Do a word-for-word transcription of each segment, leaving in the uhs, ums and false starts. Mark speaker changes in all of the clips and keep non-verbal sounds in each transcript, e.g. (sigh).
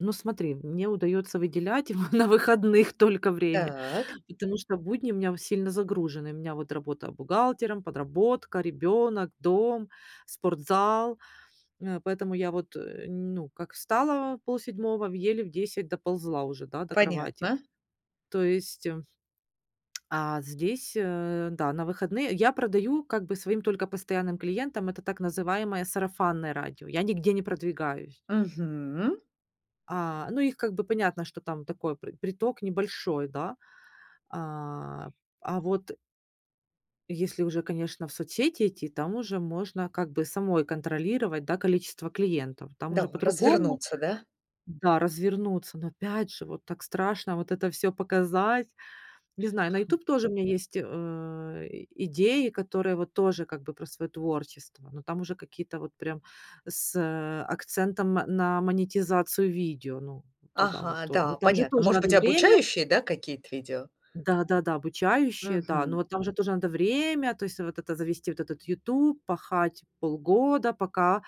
Speaker 1: Ну, смотри, мне удается выделять его на выходных только время,
Speaker 2: Так.
Speaker 1: потому что в будни у меня в сильно загружены. У меня вот работа бухгалтером, подработка, ребенок, дом, спортзал. (sniffs) Э, поэтому я вот, э, ну, как встала в полседьмого, в еле в десять доползла уже да, до кровати,
Speaker 2: Понятно.
Speaker 1: то есть А здесь, э, да, на выходные я продаю как бы своим только постоянным клиентам- это так называемое "сарафанное радио". Я нигде не продвигаюсь.
Speaker 2: Мгм.
Speaker 1: А, ну их как бы понятно, что там такой пр приток небольшой, да, а а вот если уже, конечно, в соцсети идти, там уже можно как бы самой контролировать, да, количество клиентов, там
Speaker 2: Да,
Speaker 1: уже по-другому.
Speaker 2: развернуться, да?
Speaker 1: Да, развернуться. Но опять же, вот так страшно вот это всё показать. Не
Speaker 2: А
Speaker 1: знаю, на
Speaker 2: хм.
Speaker 1: "Ютуб" тоже у меня есть, э, и идеи, которые вот тоже как бы про своё творчество, но там уже какие-то вот прям с, э, акцентом на монетизацию видео, ну, туда вот
Speaker 2: Ага,
Speaker 1: то но
Speaker 2: да,
Speaker 1: там же
Speaker 2: понятно.
Speaker 1: тоже
Speaker 2: Может
Speaker 1: надо
Speaker 2: быть, и
Speaker 1: время
Speaker 2: обучающие, да, какие-то видео?
Speaker 1: Да-да-да. Обучающие, да, но
Speaker 2: Мгм.
Speaker 1: вот там же тоже надо время, то есть вот это: завести этот вот "Ютуб", пахать полгода, пока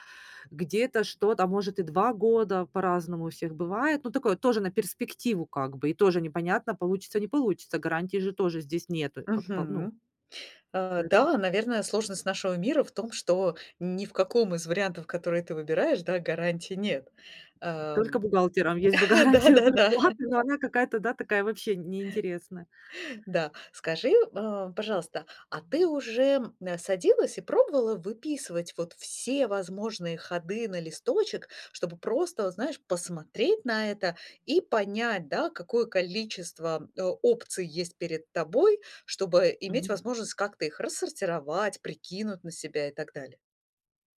Speaker 1: где-то что-то, а может, и два года, по-разному у всех бывает, но такое тоже на перспективу как бы, и тоже непонятно, получится, не получится, гарантии же тоже здесь нету как по ну.
Speaker 2: Мгм. Э,
Speaker 1: Поэто
Speaker 2: да, наверное, сложность нашего мира в том, что ни в каком из вариантов, которые ты выбираешь, да, гарантии нет.
Speaker 1: Только
Speaker 2: Ам,
Speaker 1: бухгалтерам, есть бы
Speaker 2: (chuckles)
Speaker 1: гарантия
Speaker 2: да-да-да.
Speaker 1: зарплаты, но она какая-то, да, такая вообще
Speaker 2: Э.
Speaker 1: неинтересная.
Speaker 2: Да, скажи, а, пожалуйста, а ты уже, м, садилась и пробовала выписывать вот все возможные ходы на листочек, чтобы просто, вот знаешь, посмотреть на это и понять, да, какое количество, а, опций есть перед тобой, чтобы иметь
Speaker 1: Мгм.
Speaker 2: возможность как-то их рассортировать, прикинуть на себя и так далее?